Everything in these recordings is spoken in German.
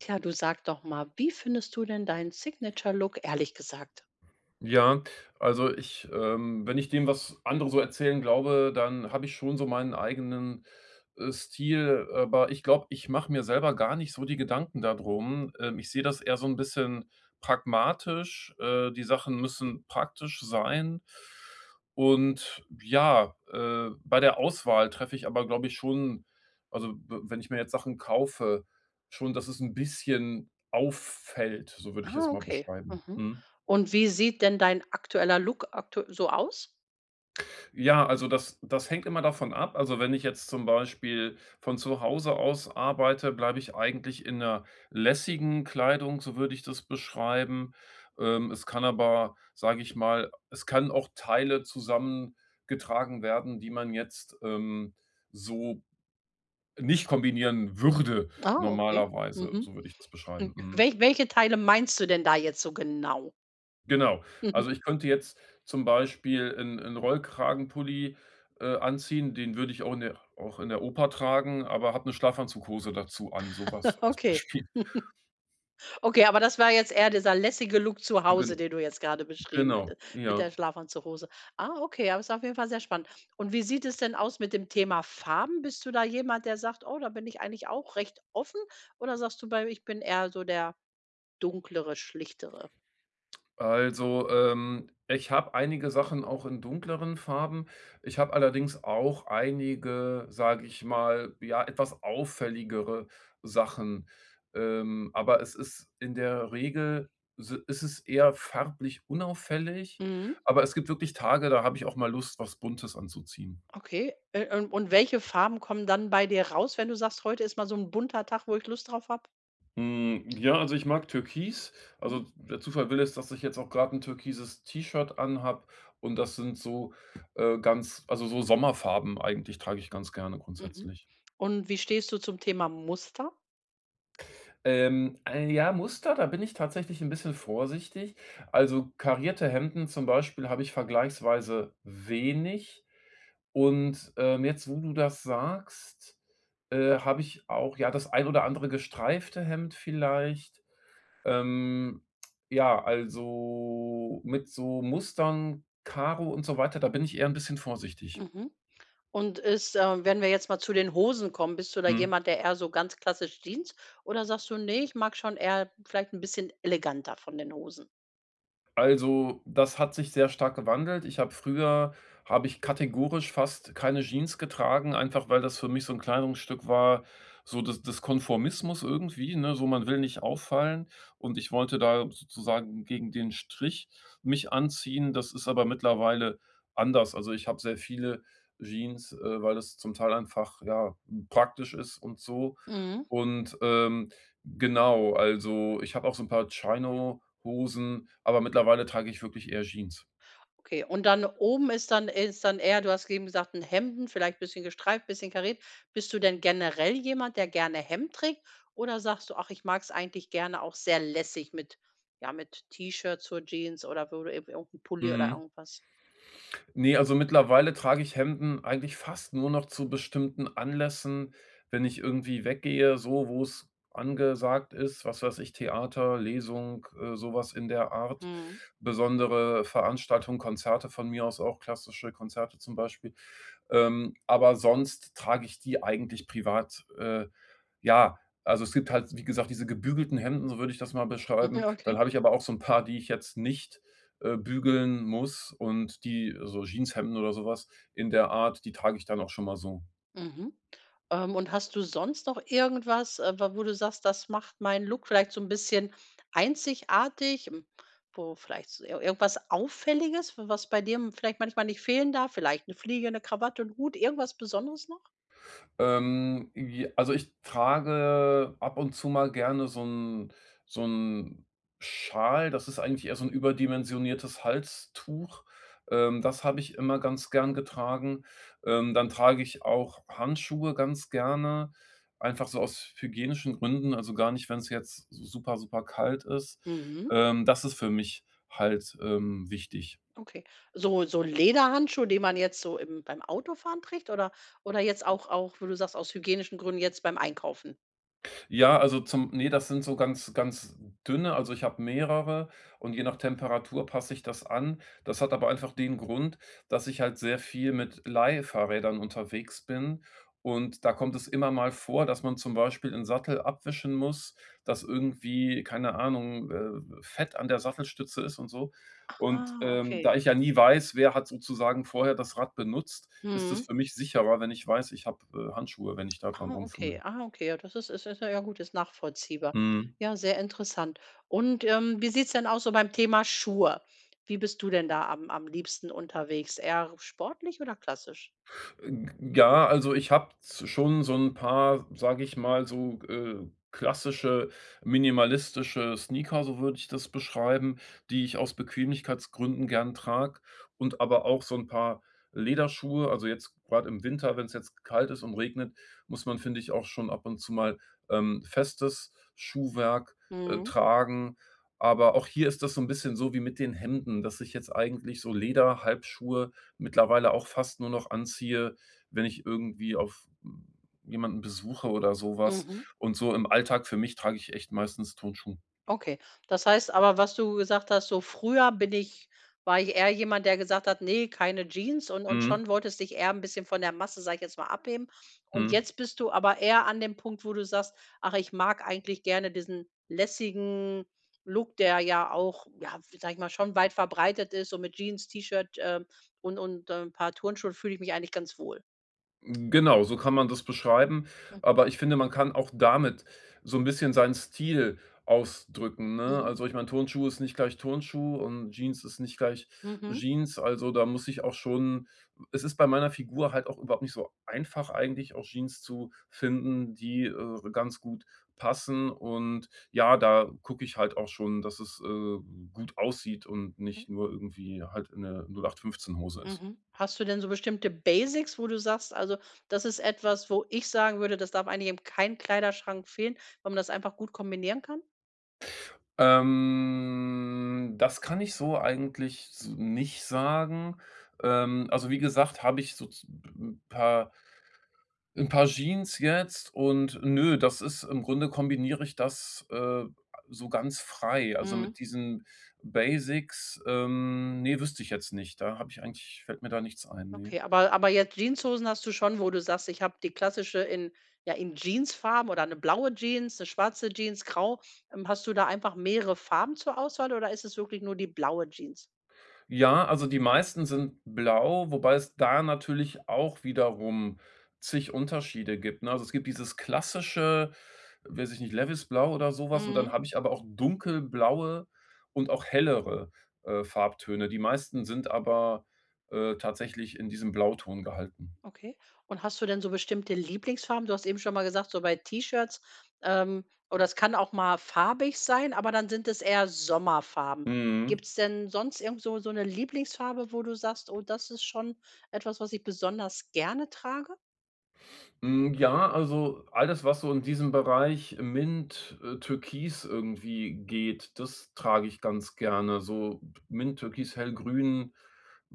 Tja, du sag doch mal, wie findest du denn deinen Signature Look ehrlich gesagt? Ja, also ich, ähm wenn ich dem, was andere so erzählen glaube, dann habe ich schon so meinen eigenen, äh, Stil, aber ich glaube, ich mache mir selber gar nicht so die Gedanken da drum. Ähm, ich sehe das eher so 'n bisschen pragmatisch. Äh, die Sachen müssen praktisch sein. Und ja, äh bei der Auswahl treffe ich aber, glaube ich, schon also w wenn ich mir jetzt Sachen kaufe, schon dass es 'n bisschen auffällt, so würde ich Ah, es mal okay. beschreiben, Mhm. mhm. Und wie sieht denn dein aktueller Look aktu so aus? Ja, also das das hängt immer davon ab. Also wenn ich jetzt zum Beispiel von Zuhause aus arbeite, bleibe ich eigentlich in 'ner lässigen Kleidung, so würde ich das beschreiben. Ähm, es kann aber, sag ich mal es kann auch Teile zusammen getragen werden, die man jetzt, ähm, so nicht kombinieren würde Ah, okay. normalerweise, Mhm. so würde ich das beschreiben, mhm. wel welche Teile meinst du denn da jetzt so genau? Genau. Also, ich könnte jetzt zum Beispiel 'n 'n Rollkragenpulli, äh, anziehen, den würde ich auch in der auch in der Oper tragen, aber hab 'ne Schlafanzughose dazu an, sowas als Okay. Beispiel. Okay, aber das war jetzt eher dieser lässige Look zu Hause Gen den du jetzt gerade beschrieben genau, hattest mit ja. der Schlafanzughose. Ah, okay, aber ist auf jeden Fall sehr spannend und wie sieht es denn aus mit dem Thema Farben, bist du da jemand der sagt: „Oh, da bin ich eigentlich auch recht offen." oder sagst du: „Bei ich bin eher so der Dunklere, Schlichtere." Also, ähm, ich habe einige Sachen auch in dunkleren Farben. Ich habe allerdings auch einige, sage ich mal, ja, etwas auffälligere Sachen. Ähm, aber es ist in der Regel si ist es eher farblich unauffällig, Mhm. aber es gibt wirklich Tage, da habe ich auch mal Lust, was Buntes anzuziehen. Okay, äh, u und welche Farben kommen dann bei dir raus, wenn du sagst: „Heute ist mal so 'n bunter Tag, wo ich Lust drauf habe?" Hm, ja, also ich mag türkis, Mhm. also d der Zufall will es, dass ich jetzt auch gerade 'n türkises T-Shirt anhabe und das sind so, äh, ganz also, so Sommerfarben eigentlich trage ich ganz gerne Mhm, grundsätzlich. und wie stehst du zum Thema Muster? Ähm, ein, ja, Muster, da bin ich tatsächlich 'n bisschen vorsichtig. Also, karierte Hemden zum Beispiel habe ich vergleichsweise wenig. Und, ähm, jetzt, wo du das sagst, äh, habe ich auch, ja, das ein oder andere gestreifte Hemd vielleicht. Ähm, ja, also mit so Mustern, Karo und so weiter, da bin ich eher 'n bisschen vorsichtig. Mhm. Und ist äh, wenn wir jetzt mal zu den Hosen kommen, bist du da Hm. jemand, der eher so ganz klassisch Jeans oder sagst du: „Ne, ich mag schon eher vielleicht 'n bisschen eleganter von den Hosen?“ Also, das hat sich sehr stark gewandelt. Ich habe früher habe ich kategorisch fast keine Jeans getragen, einfach weil das für mich so 'n Kleidungsstück war, so des des Konformismus irgendwie, ne, so „man will nicht auffallen“. Und ich wollte da sozusagen gegen den Strich mich anziehen. Das ist aber mittlerweile anders. Also, ich habe sehr viele Jeans, äh, weil es zum Teil einfach, ja, praktisch ist und so Mhm. und, ähm, genau, also ich habe auch so 'n paar Chino Hosen, aber mittlerweile trage ich wirklich eher Jeans. Okay, und dann oben ist dann ist dann eher, du hast soeben gesagt: „'N Hemden“, vielleicht bisschen gestreift, bisschen kariert. Bist du denn generell jemand, der gerne Hemd trägt oder sagst du: „Ach, ich mag es eigentlich gerne auch sehr lässig“ mit, ja, mit T-Shirts zur Jeans oder wo du irgendwie 'n Pulli oder Mhm. irgendwas? Ne, also mittlerweile trage ich Hemden eigentlich fast nur noch zu bestimmten Anlässen, wenn ich irgendwie weggehe, so wo's angesagt ist, was weiß ich, Theater, Lesung, äh, so was in der Art. Mhm. Besondere Veranstaltungen, Konzerte von mir aus auch, klassische Konzerte zum Beispiel. Ähm, aber sonst trage ich die eigentlich privat. Äh, ja, also es gibt halt, wie gesagt, diese „gebügelten Hemden“, so würde ich das mal beschreiben. Dann Okay. habe ich aber auch so 'n paar, die ich jetzt nicht, äh, bügeln muss und die so Jeanshemden oder so was in der Art, die trage ich dann auch schon mal so. Mhm. Ähm und hast du sonst noch irgendwas, äh, wa wo du sagst: „Das macht meinen Look vielleicht so 'n bisschen einzigartig“, ähm, wo vielleicht so ir irgendwas Auffälliges, was bei dir m vielleicht manchmal nicht fehlen darf, vielleicht 'ne Fliege, 'ne Krawatte, 'n Hut, irgendwas Besonderes noch? Ähm, j also ich trage ab und zu mal gerne so 'n so 'n Schal, das ist eigentlich eher so 'n überdimensioniertes Halstuch. Ähm, das habe ich immer ganz gern getragen. Ähm, dann trage ich auch Handschuhe ganz gerne, einfach so aus hygienischen Gründen, also gar nicht, wenn's jetzt super, super kalt ist. Mhm. Ähm, das ist für mich halt, ähm, wichtig. Okay. So so Lederhandschuh, den man jetzt so im beim Autofahren trägt oder oder jetzt auch auch, wo du sagst, aus hygienischen Gründen jetzt beim Einkaufen? Ja, also zum ne, das sind so ganz ganz dünne also ich habe mehrere und je nach Temperatur passe ich das an. Das hat aber einfach den Grund, dass ich halt sehr viel mit Leihfahrrädern unterwegs bin und da kommt es immer mal vor, dass man zum Beispiel 'n Sattel abwischen muss, dass irgendwie keine Ahnung, äh w Fett an der Sattelstütze ist und so. Und, Aha. ähm, Okay. da ich ja nie weiß, wer hat sozusagen vorher das Rad benutzt, ist es Mhm. für mich sicherer, wenn ich weiß, ich habe, äh, Handschuhe, wenn ich da dran Ah, rumfummle. okay, ah, okay. Ja das ist ist ist ja 'n gut, ist nachvollziehbar. Mhm. Ja sehr interessant und, ähm, wie sieht's denn aus so beim Thema Schuhe wie bist du denn da am am liebsten unterwegs, eher sportlich oder klassisch? Äh, g g ja, also ich habe s schon so 'n paar, sage ich mal so, äh, klassische minimalistische Sneaker, so würde ich das beschreiben, die ich aus Bequemlichkeitsgründen gern trage. Und aber auch so 'n paar Lederschuhe also jetzt grad im Winter, wenn's jetzt k kalt ist und regnet, muss man, finde ich, auch schon ab und zu mal, ähm, festes Schuhwerk, äh, Mhm. tragen, aber auch hier ist das so 'n bisschen so wie mit den Hemden, dass ich jetzt eigentlich so Lederhalbschuhe mittlerweile auch fast nur noch anziehe, wenn ich irgendwie auf, hm jemanden besuche oder so was Mhm. und so im Alltag für mich trage ich echt meistens Turnschuhe. Okay das heißt aber was du gesagt hast: „So früher bin ich war ich eher jemand der gesagt hat ‚ne keine Jeans‘“, und und Mhm. schon wolltest dich eher 'n bisschen von der Masse sage ich jetzt mal abheben und Mhm. jetzt bist du aber eher an dem Punkt, wo du sagst: „Ach, ich mag eigentlich gerne diesen lässigen Look“, der ja auch ja, sage ich mal, schon weit verbreitet ist und „mit Jeans, T-Shirt, ähm, und und 'n paar Turnschuhen, fühle ich mich eigentlich ganz wohl“. Genau, so kann man das beschreiben, Mhm. aber ich finde, man kann auch damit so ‘n bisschen seinen Stil ausdrücken, ne? Mhm. Also ich meine, Turnschuh ist nicht gleich Turnschuh und Jeans ist nicht gleich Mhm. Jeans. Also da muss ich auch schon es ist bei meiner Figur halt auch überhaupt nicht so einfach eigentlich, auch Jeans zu finden, die, äh, re ganz gut passen und ja, da gucke ich halt auch schon, dass es, äh, gut aussieht und Okay. nicht nur irgendwie halt in 'ne 0 8 15 Hose ist. Mhm. Hast du denn so bestimmte Basics, wo du sagst: „Also, das ist etwas wo ich sagen würde, das darf eigentlich in keinem Kleiderschrank fehlen, weil man das einfach gut kombinieren kann?" Ähm, das kann ich so eigentlich s nicht sagen. Ähm, also wie gesagt, habe ich sozu 'n paar 'n paar Jeans jetzt und ne, das ist im Grunde kombiniere ich das, äh, so ganz frei. Also Mhm. mit diesen Basics, ähm, ne, wüsste ich jetzt nicht. Da habe ich eigentlich fällt mir da nichts ein, ne. Okay, aber aber jetzt Jeanshosen hast du schon, wo du sagst: „Ich habe die klassische in ja in Jeansfarben oder ‘ne blaue Jeans, ‘ne schwarze Jeans, grau." Ähm hast du da einfach mehrere Farben zur Auswahl oder ist es wirklich nur die blaue Jeans? Ja, also die meisten sind blau, wobei es da natürlich auch wiederum zig Unterschiede gibt, ne? Also es gibt dieses klassische- weiß ich nicht- Levisblau oder sowas und dann Mhm. habe ich aber auch dunkelblaue und auch hellere, äh, Farbtöne. Die meisten sind aber, äh, tatsächlich in diesem Blauton gehalten. Okay. Und hast du denn so bestimmte Lieblingsfarben? Du hast eben schon mal gesagt: „So bei T-Shirts, ähm, oh das kann auch mal farbig sein, aber dann sind es eher Sommerfarben.“ Mhm. Gibt‘s denn sonst irgend so so ‘ne Lieblingsfarbe, wo du sagst: „Oh das ist schon etwas, was ich besonders gerne trage." Mhm, ja, also alles, was so in diesem Bereich Mint, äh, Türkis irgendwie geht, das trage ich ganz gerne. So Mint, Türkis, Hellgrün,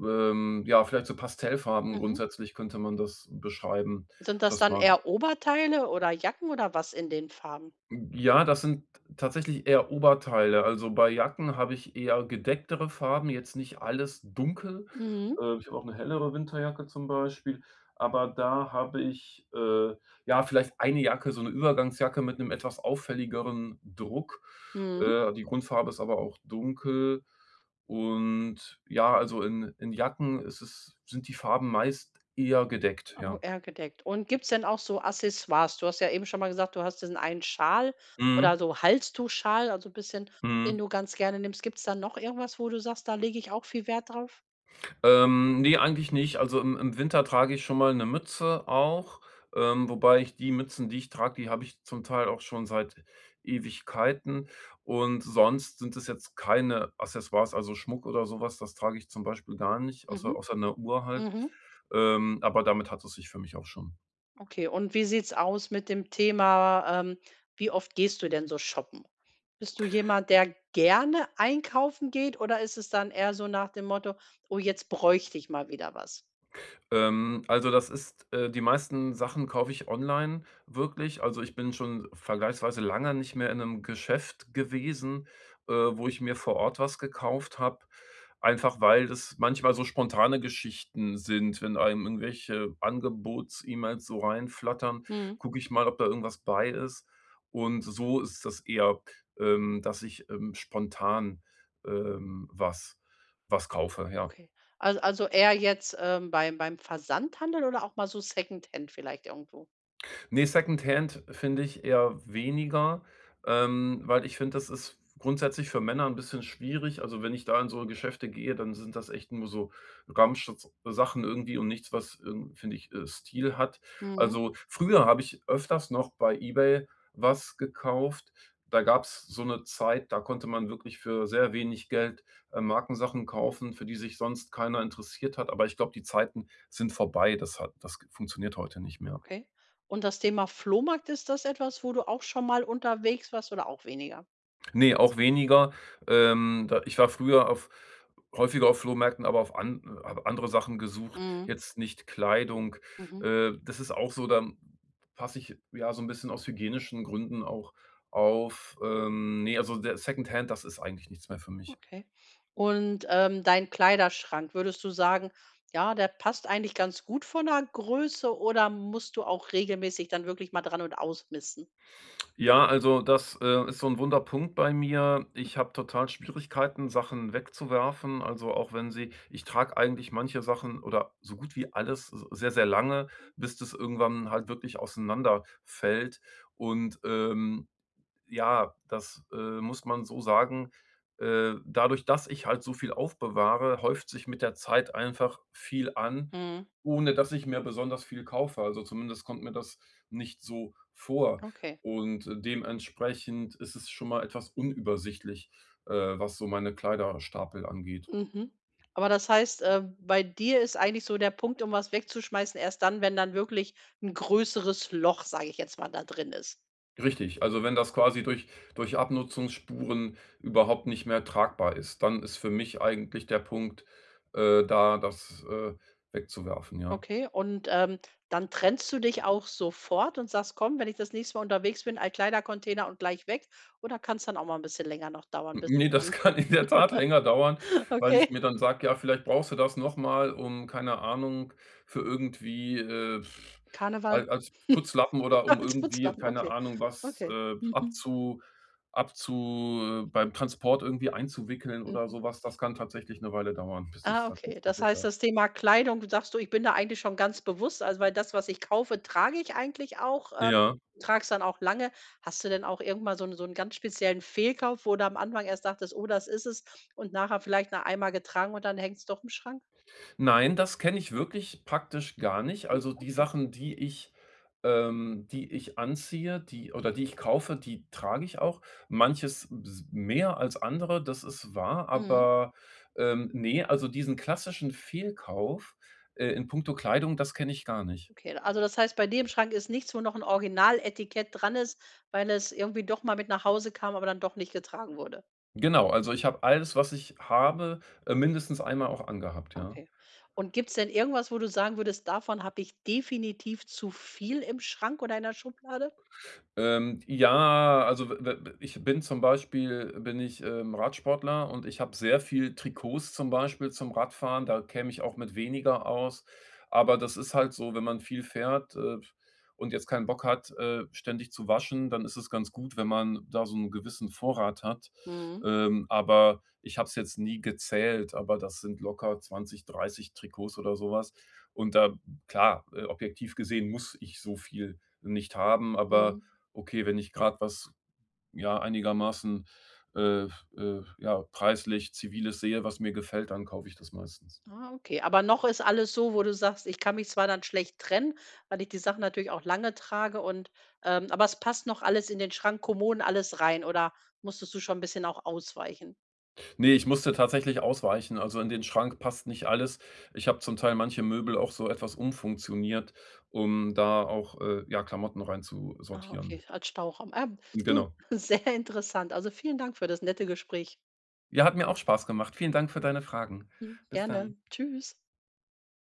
ähm, ja, vielleicht so Pastellfarben Mhm. grundsätzlich könnte man das beschreiben, Sind das das dann mag ich. eher Oberteile oder Jacken oder was in den Farben? Hm, ja, das sind tatsächlich eher Oberteile. Also, bei Jacken habe ich eher gedecktere Farben, jetzt nicht alles dunkel. Mhm. Äh, ich habe auch 'ne hellere Winterjacke zum Beispiel, aber da habe ich, äh, ja, vielleicht 1 Jacke, so 'ne Übergangsjacke mit 'nem etwas auffälligeren Druck. Mhm. Äh, die Grundfarbe ist aber auch dunkel und ja, also in in Jacken ist es sind die Farben meist eher gedeckt, Au ja. eher gedeckt. Und gibt's denn auch so Accessoires? Du hast ja eben schon mal gesagt, du hast diesen einen Schal oder Mhm. so Halstuch-Schal, also bisschen den Mhm. du ganz gerne nimmst. Gibt's da noch irgendwas, wo du sagst, da lege ich auch viel Wert drauf? Ähm, ne, eigentlich nicht. Also im im Winter trage ich schon mal 'ne Mütze auch, ähm, wobei ich die Mützen, die ich trage, die habe ich zum Teil auch schon seit Ewigkeiten und sonst sind es jetzt keine Accessoires, also Schmuck oder so was. Das trage ich zum Beispiel gar nicht, außer Mhm. außer 'ne Uhr halt, Mhm. ähm, aber damit hat es sich für mich auch schon. Okay und wie sieht's aus mit dem Thema, ähm wie oft gehst du denn so shoppen? Bist du jemand, der gerne einkaufen geht oder ist es dann eher so nach dem Motto: „Oh, jetzt bräuchte ich mal wieder was?“ Ähm, also das ist, äh die meisten Sachen kaufe ich online, wirklich. Also, ich bin schon vergleichsweise lange nicht mehr in 'nem Geschäft gewesen, äh, wo ich mir vor Ort was gekauft habe, einfach weil das manchmal so spontane Geschichten sind. Wenn einem irgendwelche Angebots-E-Mails so reinflattern, Mhm. gucke ich mal, ob da irgendwas bei ist. Und so ist das eher, ähm, dass ich, ähm, spontan, ähm, was was kaufe, ja. Okay. Als also eher jetzt, ähm, beim beim Versandhandel oder auch mal so Secondhand vielleicht irgendwo? Ne, Secondhand find ich eher weniger, ähm, weil ich finde, das ist grundsätzlich für Männer 'n bisschen schwierig. Also, wenn ich da in so Geschäfte gehe, dann sind das echt nur so Ramschs sachen irgendwie und nichts, was, irgend finde ich, äh, Stil hat. Mhm. Also, früher habe ich öfters noch bei eBay was gekauft, da gab es so 'ne Zeit, da konnte man wirklich für sehr wenig Geld, äh, Markensachen kaufen, für die sich sonst keiner interessiert hat, aber ich glaube, die Zeiten sind vorbei. Das hat das g funktioniert heute nicht mehr. Okay. Und das Thema „Flohmarkt“, ist das etwas, wo du auch schonmal unterwegs warst oder auch weniger? Ne, auch weniger. Ähm, da ich war früher auf häufiger auf Flohmärkten, aber auf an habe andere Sachen gesucht, Mhm. jetzt nicht Kleidung. Mhm. Äh, das ist auch so, dann passe ich, ja, so 'n bisschen aus hygienischen Gründen auch auf, ähm, ne, also der Secondhand, das ist eigentlich nichts mehr für mich. Okay und, ähm, dein Kleiderschrank, würdest du sagen: „Ja der passt eigentlich ganz gut von der Größe." Oder musst du auch regelmäßig dann wirklich mal dran und ausmisten? Ja, also das, äh, ist so 'n wunder Punkt bei mir. Ich habe total Schwierigkeiten, Sachen wegzuwerfen, also, auch wenn sie ich trage eigentlich manche Sachen oder so gut wie alles s sehr, sehr lange, bis das irgendwann halt wirklich auseinanderfällt. Und, ähm, ja, das, äh, muss man so sagen, äh, dadurch, dass ich halt so viel aufbewahre, häuft sich mit der Zeit einfach viel an, Mhm. ohne dass ich mir besonders viel kaufe. Also, zumindest kommt mir das nicht so vor. Okay. Und dementsprechend isses schon mal etwas unübersichtlich, äh, was so meine Kleiderstapel angeht. Mhm, aber das heißt, äh, bei dir ist eigentlich so der Punkt, um was wegzuschmeißen erst dann wenn dann wirklich 'n größeres Loch sag ich jetzt mal da drin ist. Richtig, also wenn das quasi durch durch Abnutzungsspuren überhaupt nicht mehr tragbar ist, dann ist für mich eigentlich der Punkt, äh, da das, äh, wegzuwerfen, ja. Okay, und, ähm, dann trennst du dich auch sofort und sagst: „Komm, wenn ich das nächste Mal unterwegs bin, Altkleidercontainer und gleich weg." Oder kann's dann auch mal 'n bisschen länger noch dauern, N bis ne, es das dann kann in der Tat länger dauern, weil ich Okay. mir dann sage „Ja, vielleicht brauchst du das nochmal, um keine Ahnung für irgendwie, äh Karneval? al als Putzlappen oder um Als irgendwie, Putzlappen. keine Okay. Ahnung, was, Okay. äh, Mhm. abzu abzu äh, beim Transport irgendwie einzuwickeln oder Mhm. sowas." Das kann tatsächlich 'ne Weile dauern, bis ich es Ah, okay. tatsächlich Das heißt, wegwerfe. das Thema Kleidung, sagst du: „Ich bin da eigentlich schon ganz bewusst, also, weil das, was ich kaufe, trage ich eigentlich auch, ähm, Ja. trage es dann auch lange." Hast du denn auch irgend mal so 'n so 'n ganz speziellen Fehlkauf, wo du am Anfang erst dachtest: „Oh, das isses“ und nachher vielleicht nur einmal getragen und dann hängt's doch im Schrank? Nein, das kenne ich wirklich praktisch gar nicht. Oh, Also, die okay. Sachen, die ich, ähm die ich anziehe, die oder die ich kaufe, die trage ich auch. Manches b s mehr als andere, das ist wahr, Mhm. aber, ähm, ne, also, diesen klassischen Fehlkauf, äh, in puncto Kleidung, das kenne ich gar nicht. Okay, also, das heißt bei dir im Schrank ist nichts wo noch 'n original Etikett dran ist weil es irgendwie doch mal mit nach Hause kam aber dann doch nicht getragen wurde? Genau, also ich habe alles, was ich habe, äh, mindestens einmal auch angehabt, ja. Okay, und gibt's denn irgendwas wo du sagen würdest: „Davon habe ich definitiv zu viel im Schrank oder in der Schublade?" Ähm, ja, also, we we ich bin zum Beispiel, bin ich, ähm, Radsportler und ich habe sehr viel Trikots zum Beispiel zum Radfahren, da käme ich auch mit weniger aus. Aber das ist halt so, wenn man viel fährt, äh, f und jetzt keinen Bock hat, äh, ständig zu waschen, dann isses ganz gut, wenn man da so 'n gewissen Vorrat hat. Mhm. Ähm, aber ich habe es jetzt nie gezählt, aber das sind locker 20, 30 Trikots oder sowas. Und da, klar, äh, objektiv gesehen muss ich so viel nicht haben, aber Mhm. okay, wenn ich gerad was, ja, einigermaßen, äh, äh, ja, preislich Ziviles sehe, was mir gefällt, dann kaufe ich das meistens. Ah, okay, aber noch ist alles so, wo du sagst: „Ich kann mich zwar dann schlecht trennen, weil ich die Sachen natürlich auch lange trage und, ähm, aber es passt noch alles in den Schrank, Kommoden alles rein." Oder musstest du schon 'n bisschen auch ausweichen? Ne, ich musste tatsächlich ausweichen, also, in den Schrank passt nicht alles. Ich habe zum Teil manche Möbel auch so etwas umfunktioniert, um da auch, äh, ja, Klamotten rein zu Ah, sortieren. okay, als Stauraum. Ah, du, Genau. sehr interessant. Also, vielen Dank für das nette Gespräch. Ja, hat mir auch Spaß gemacht. Vielen Dank für deine Fragen. Hm, Bis dann. gerne, tschüss.